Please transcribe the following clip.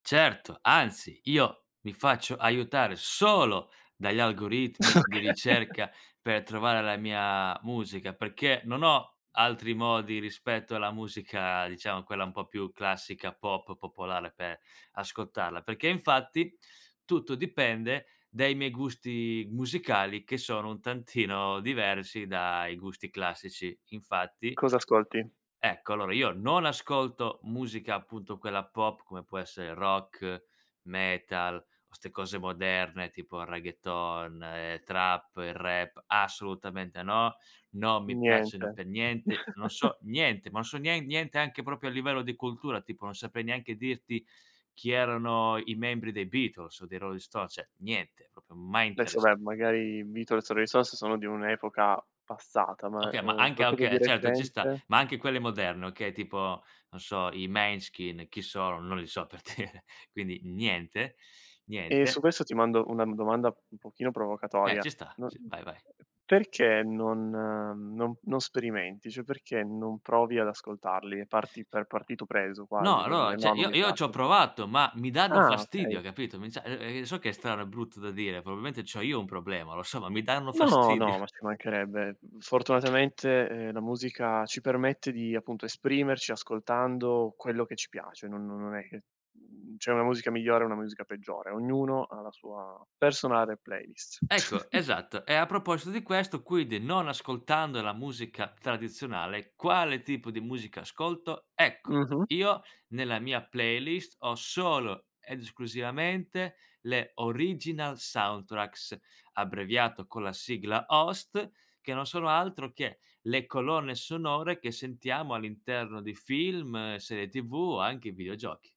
Certo, anzi, io mi faccio aiutare solo dagli algoritmi di Okay. ricerca per trovare la mia musica, perché non ho altri modi rispetto alla musica, diciamo quella un po' più classica, pop, popolare per ascoltarla. Perché infatti tutto dipende dai miei gusti musicali che sono un tantino diversi dai gusti classici. Infatti Cosa ascolti? Ecco. Allora io non ascolto musica, appunto, quella pop come può essere rock, metal o ste cose moderne tipo il reggaeton e trap, il rap. Assolutamente no, non mi Niente. piacciono pe' niente, non so niente, ma non so nien niente anche proprio a livello di cultura, tipo non saprei neanche dirti chi erano i membri dei Beatles o dei Rolling Sto cioè niente, proprio mai Adesso interess beh, magari i Beatles o i Rolling Stones sono di un'epoca passata, ma, ehm, Okay ma uhm, anche ah qualcosa di okay, certo ci sta, recente? ma anche quelle moderne, okay, tipo non so, i Måneskin, chi sono? Non li so per dire, quindi niente, Ehm, su niente. questo ti mando una m domanda un pochino Eh provocatoria. ci sta No sì, vai vai. perché non, mhmm, non non sperimenti? Cioè perché non provi ad ascoltarli e parti per partito preso No, quasi, per dire: allora, cioè, "No, non io mi io pia" c'ho provato, ma mi danno Ah fastidio, okay. hai capito, mi cioè, ehm, ehm, so che è strano, è brutto da dire, probabilmente c'ho io un problema, lo so, ma mi danno No, no, fastidio. ma ci mancherebbe. Fortunatamente, ehm, la musica ci permette di, appunto, esprimerci ascoltando quello che ci piace. Non non non è che, mhmm, c'è una musica migliore o una musica peggiore. Ognuno ha la sua personale playlist. Ecco, esatto, e a proposito di questo, quindi non ascoltando la musica tradizionale, quale tipo di musica, ascolto, ecco, Mh-mh. io nella mia playlist ho solo ed esclusivamente le Original Soundtracks, abbreviato con la sigla OST, che non sono altro che le colonne sonore che sentiamo all'interno di film, serie TV o anche i videogiochi.